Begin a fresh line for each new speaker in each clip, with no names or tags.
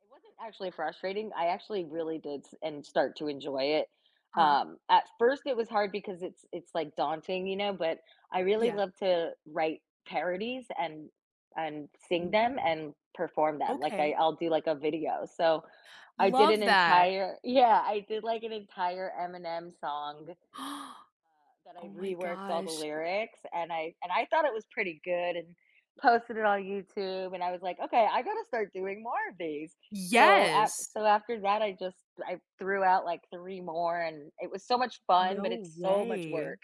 It wasn't actually frustrating. I actually really did s en start to enjoy it.
Uh-huh.
Um, at first, it was hard because it's it's, like, daunting, you know, but, I really
Yeah.
love to write parodies and, and sing them
Ooh.
and perform them. Like, I
Okay.
I'll do like a video. So I did an
Love that.
entire Yeah, I did, like, an entire Eminem song, uh, that I
Oh, my
reworked all the
gosh.
lyrics, and I and I thought it was pretty good and posted it on YouTube, and I was, like, okay, I gotta start doing more of these. So a
Yes.
so after that, I just, I threw out, like, 3 more, and it was so much fun, but
No
it's so much
way.
work,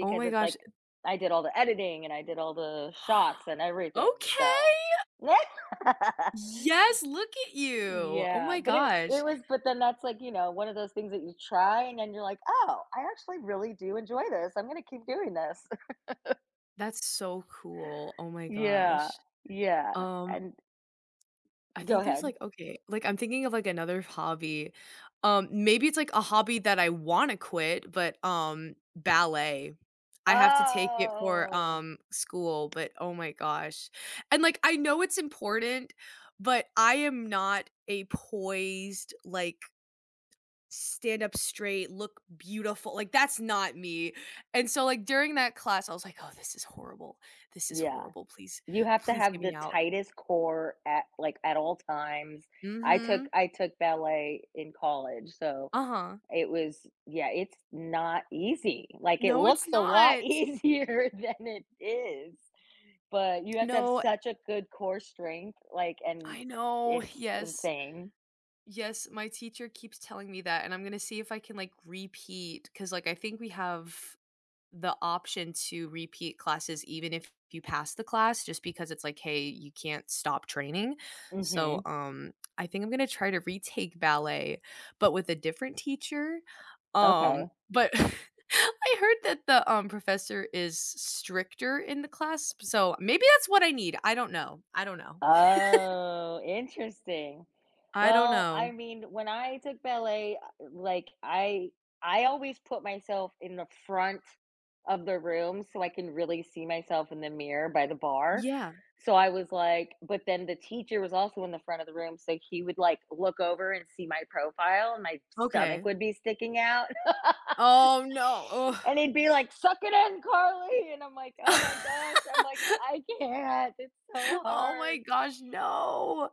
Oh, my
it's,
gosh,
like,
uh
I did all the editing, and I did all the shots and everything.
Okay.
So what?
Yes, look at you. Oh,
Yeah,
my
but, it it
gosh.
was, but, then that's, like, you know, one of those things that you try and then you're, like, oh, I actually really do enjoy this. I'm gonna keep doing this.
That's so cool, oh, my
Yeah,
gosh.
yeah,
Um,
and
I
Go
think there's,
ahead.
like, okay, like, I'm thinking of, like, another hobby, um, maybe it's, like, a hobby that I wanna quit, but, um, ballet. I have to take it for,
Oh.
um, school, but, oh my gosh, and, like, I know it's important, but, I am not a poised, like, stand up straight, look beautiful, like, that's not me, and so, like, during that class, I was, like, "Oh, this is horrible, this is
Yeah.
horrible, please,
You have to
please get
have the
me out."
tightest core at, like, at all times. I took
Mhm.
I took ballet in college. So,
Uh-huh.
it was, yeah, it's not easy. Like, it
No, it's
looks a lot
not.
easier than it is, but, you have to have
No
such a good core strength, like, and
I know,
it's
yes.
insane.
Yes, my teacher keeps telling me that, and I'm gonna see if I can, like, repeat 'cause, like, I think we have the option to repeat classes even if you pass the class just because it's, like, hey, you can't stop training. So,
Mhm.
um, I think I'm gonna try to retake ballet, but with a different teacher. Um,
Okay.
but I heard that the, um, professor is s stricter in the class, p so maybe that's what I need. I don't know. I don't know.
Oh, interesting.
I don't
Well,
know.
I mean, when I took ballet, uh, like, I I always put myself in the front of the room so I can really see myself in the mirror by the bar.
Yeah.
So, I was, like but, then the teacher was also in the front of the room, so he would, like, look over and see my profile and my stomach
Okay.
would be sticking out.
Oh, no, ugh.
And he'd be, like, suck it in, Carly, and I'm, like, oh, my gosh. I'm, like, I can't. It's so
Oh, my
hard.
gosh, no,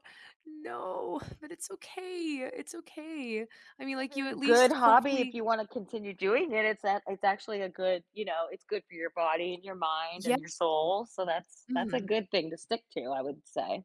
Yeah.
no, but, it's okay, it's okay, I mean,
That's a
like, you
very
at
good
least
hobby if
hopefully
you wanna continue doing it. It's a it's actually a good, you know, it's good for your body and your mind
Ye
and your soul. So that's that's a
Mhm.
good thing to stick to, I would say.